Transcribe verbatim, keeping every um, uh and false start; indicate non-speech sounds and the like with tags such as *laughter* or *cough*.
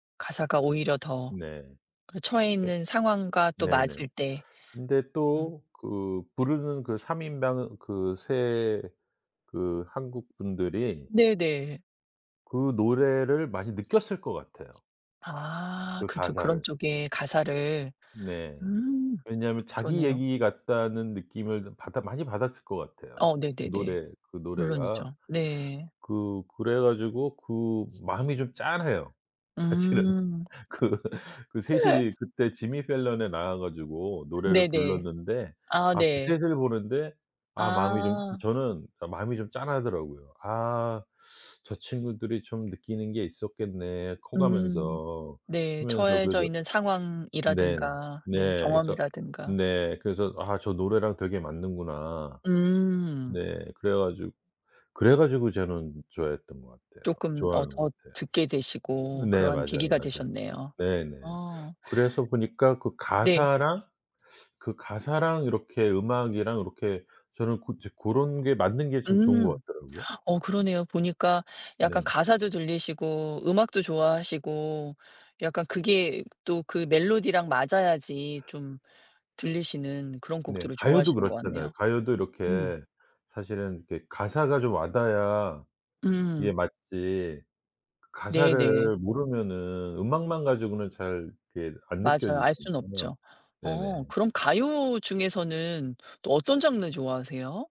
가사가 오히려 더 네. 그 처해 예. 있는 상황과 또 네네. 맞을 때. 근데 음. 또 그 부르는 그 삼 인방 그 세 그 한국분들이 네네. 그 노래를 많이 느꼈을 것 같아요 아. 그 그죠. 그런 가사를. 쪽에 가사를. 네. 음. 왜냐하면 자기 그러네요. 얘기 같다는 느낌을 그 받아 많이 받았을 것 같아요 어. 네네네. 노래 그 노래가. 물론이죠. 네. 그 그래 가지고 그 마음이 좀 짠해요 사실은. 음. 그 그 셋이 그때 *laughs* 지미 펠런에 나와 가지고 노래를 네네. 불렀는데 아. 아 그 네. 셋을 보는데 아 마음이 좀 아. 저는 그니까 마음이 좀 짠하더라고요. 아. '저 친구들이 좀 느끼는 게 있었겠네.' 커 음. 가면서 네. 크면서 그래서 처해져 있는 네. 상황이라든가 네 네. 그래서 경험이라든가. 네 그래서 '아 저 노래랑 되게 맞는구나.' 음. 네. 그래 가지고, 그래 가지고 저는 좋아했던 것 같아요. 쪼끔 어 좋아하는 것 더 같아요. 듣게 되시고 네. 그런 맞아요, 계기가 맞아요. 되셨네요. 네네. 어. 그래서 보니까 그 네. 가사랑, 그 가사랑 이렇게 음악이랑 요렇게 저는 고 조 고런 게 맞는 게 참 좋은 것 음. 같더라고요. 어. 그러네요. 보니까 약간 네. 가사도 들리시고 음악도 좋아하시고 약간 그게 또 그 멜로디랑 맞아야지 좀 들리시는 그런 네. 곡들을 가요도 좋아하시는 것 그렇잖아요. 같네요. 가요도 음. 이렇게 사실은 이렇게 가사가 좀 와 닿아야 그게 음. 맞지. 네네. 가사를 모르면은 음악만 가지고는 잘 이렇게 안 맞아요. 알 순 느껴지잖아요. 없죠. 어. 네네. 그럼 가요 중에서는 또 어떤 장르 좋아하세요?